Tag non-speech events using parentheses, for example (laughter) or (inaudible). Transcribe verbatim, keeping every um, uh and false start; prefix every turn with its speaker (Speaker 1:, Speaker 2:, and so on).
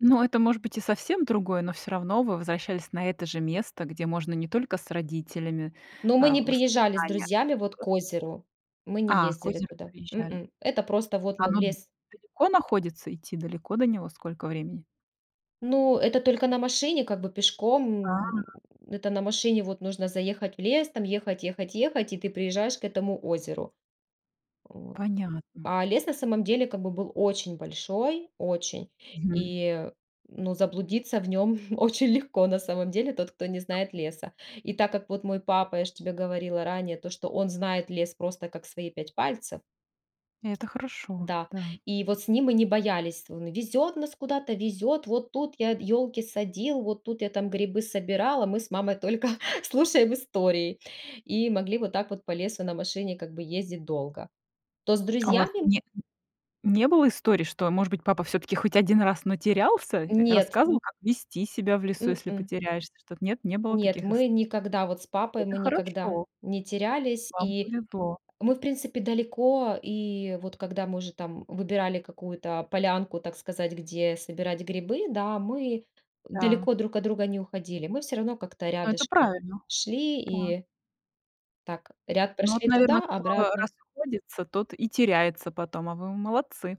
Speaker 1: Ну, это может быть и совсем другое, но всё равно вы возвращались на это же место, где можно не только с родителями,
Speaker 2: Но мы
Speaker 1: э,
Speaker 2: не приезжали с
Speaker 1: воспоминания.
Speaker 2: друзьями, вот,
Speaker 1: (unintelligible)
Speaker 2: к озеру. Мы не
Speaker 1: А, к
Speaker 2: ездили
Speaker 1: озеру
Speaker 2: туда.
Speaker 1: приезжали.
Speaker 2: М-м. Это просто вот мы в
Speaker 1: Оно
Speaker 2: лес
Speaker 1: далеко находится? Идти далеко до него? Сколько времени?
Speaker 2: Ну, это только на машине как бы, пешком. М,
Speaker 1: А.
Speaker 2: это на машине, вот, нужно заехать в лес, там, ехать-ехать-ехать, и ты приезжаешь к этому озеру. Вот.
Speaker 1: Понятно.
Speaker 2: А лес на самом деле как бы был очень большой, очень.
Speaker 1: Мгм.
Speaker 2: И, ну, заблудиться в нём (chuckles) очень легко на самом деле тот, кто не знает леса. И так как вот мой папа, я ж тебе говорила ранее, то что он знает лес просто как свои пять пальцев.
Speaker 1: Это хорошо,
Speaker 2: Да.
Speaker 1: да.
Speaker 2: И вот с ним мы не боялись. Он везёт нас куда-то, везёт. Вот тут я ёлки садил, вот тут я там грибы собирал, а мы с мамой только слушаем истории. И могли вот так вот по лесу на машине как бы ездить долго. То с
Speaker 1: А у вас
Speaker 2: друзьями
Speaker 1: не не было историй, что, может быть, папа всё-таки хоть один раз, но терялся?
Speaker 2: Нет.
Speaker 1: Рассказывал, как вести себя в лесу, если
Speaker 2: М-м.
Speaker 1: потеряешься? Что т нет, не было
Speaker 2: Нет,
Speaker 1: таких ист
Speaker 2: мы никогда вот с папой,
Speaker 1: Это
Speaker 2: мы никогда
Speaker 1: хорошо.
Speaker 2: не терялись.
Speaker 1: Вам
Speaker 2: И
Speaker 1: повезло.
Speaker 2: мы, в принципе, далеко И вот когда мы уже, там, выбирали какую-то полянку, так сказать, где собирать грибы, да, мы
Speaker 1: Да.
Speaker 2: далеко друг от друга не уходили. Мы всё равно как-то
Speaker 1: Но это
Speaker 2: рядышком
Speaker 1: правильно,
Speaker 2: шли.
Speaker 1: да.
Speaker 2: И так ряд
Speaker 1: Но вот,
Speaker 2: прошли
Speaker 1: наверно,
Speaker 2: туда,
Speaker 1: кто
Speaker 2: обратно.
Speaker 1: расходится, тот и теряется потом, а вы молодцы.